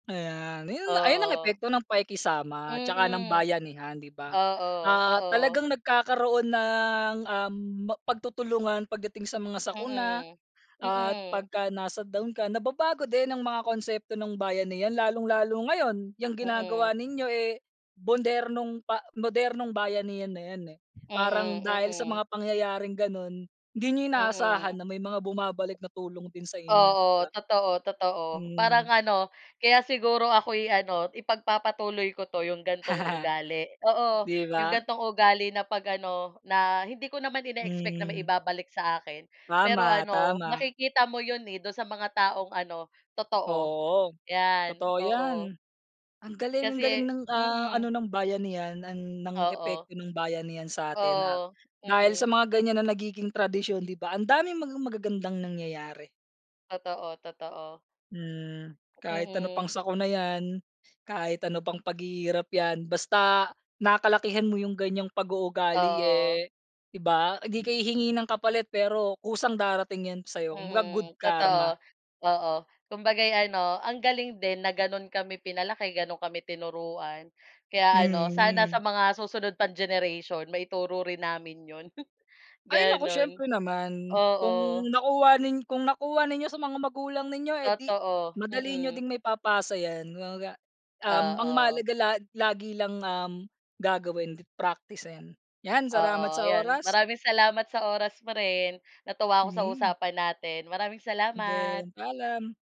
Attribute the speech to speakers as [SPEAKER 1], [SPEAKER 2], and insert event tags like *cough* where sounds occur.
[SPEAKER 1] Ayan, ayun ayun ang
[SPEAKER 2] Oo.
[SPEAKER 1] epekto ng pakikisama 'tsaka ng
[SPEAKER 2] Mhm,
[SPEAKER 1] bayan niya 'di ba?
[SPEAKER 2] oo,
[SPEAKER 1] Ah'
[SPEAKER 2] oo.
[SPEAKER 1] talagang nagkakaroon ng, um, mag pagtutulungan pagdating sa mga sakuna
[SPEAKER 2] Mhm,
[SPEAKER 1] at
[SPEAKER 2] mhm.
[SPEAKER 1] pagka nasa down ka, nababago din ang mga konsepto ng bayanihan lalong-lalo ngayon, yung
[SPEAKER 2] Mhm.
[SPEAKER 1] ginagawa ninyo, eh, modernong pa modernong bayanihan na yan, eh. Parang
[SPEAKER 2] Mhm,
[SPEAKER 1] dahil sa
[SPEAKER 2] mhm.
[SPEAKER 1] mga pangyayaring ganon, hindi niyo inaasahan
[SPEAKER 2] Mhm.
[SPEAKER 1] na may mga bumabalik na tulong din sa inyo 'di
[SPEAKER 2] Oo,
[SPEAKER 1] ba?
[SPEAKER 2] totoo, totoo, parang
[SPEAKER 1] Hmm.
[SPEAKER 2] ano, kaya siguro ako'y ano, ipagpapatuloy ko 'to 'yong gantong
[SPEAKER 1] *chuckles*
[SPEAKER 2] ugali, oo,
[SPEAKER 1] 'Di
[SPEAKER 2] 'yong
[SPEAKER 1] ba?
[SPEAKER 2] gantong ugali na 'pag ano, na, hindi ko naman in-expect na
[SPEAKER 1] Mhm.
[SPEAKER 2] maibabalik sa akin pero
[SPEAKER 1] Tama,
[SPEAKER 2] an,o
[SPEAKER 1] tama.
[SPEAKER 2] makikita mo 'yon, eh, dun sa mga taong ano, totoo
[SPEAKER 1] Oo,
[SPEAKER 2] 'yan,
[SPEAKER 1] totoo yan
[SPEAKER 2] oo.
[SPEAKER 1] ang galing ang galing
[SPEAKER 2] Kasi,
[SPEAKER 1] ng, ah, ano,
[SPEAKER 2] mhm.
[SPEAKER 1] ng bayanihan ang ng
[SPEAKER 2] Oo.
[SPEAKER 1] epekto ng bayanihan sa atin at
[SPEAKER 2] Oo,
[SPEAKER 1] dahil sa
[SPEAKER 2] mhm.
[SPEAKER 1] mga ganyan na nagiging tradisyon 'di ba ang daming mga magagandang nangyayari.
[SPEAKER 2] Totoo, totoo.
[SPEAKER 1] Hmm, kahit ano
[SPEAKER 2] Mhm.
[SPEAKER 1] pang sakuna yan, kahit ano pang paghihirap yan, basta, nakalakihan mo yung ganyang pag uugali,
[SPEAKER 2] Oo.
[SPEAKER 1] eh, 'di ba hindi ka hihingi ng kapalit, pero, kusang darating yan sayo kumbaga mag good
[SPEAKER 2] Mhm,
[SPEAKER 1] karma.
[SPEAKER 2] totoo, oo, kumbaga'y ano ang galing din, na, ganun kami pinalaki ganun kami tinuruan, kaya, ano, sana
[SPEAKER 1] Mhm.
[SPEAKER 2] sa mga susunod pang generation maituro rin namin 'yon,
[SPEAKER 1] Ay, naku,
[SPEAKER 2] ganu'n,
[SPEAKER 1] siyempre naman kung
[SPEAKER 2] oo.
[SPEAKER 1] nakuha nin kung nakuha ninyo sa mga magulang ninyo, eh, di
[SPEAKER 2] Totoo,
[SPEAKER 1] madali niyo
[SPEAKER 2] mhm.
[SPEAKER 1] din maipapasa yan, kumbaga, um,
[SPEAKER 2] Oo.
[SPEAKER 1] mahalaga la lagi lang, um, gagawin praktisin, yan, salamat
[SPEAKER 2] Oo,
[SPEAKER 1] sa
[SPEAKER 2] ayan,
[SPEAKER 1] oras.
[SPEAKER 2] maraming salamat sa oras mo rin, natuwa ako sa
[SPEAKER 1] Mhm.
[SPEAKER 2] usapan natin, maraming salamat.
[SPEAKER 1] Den, paalam.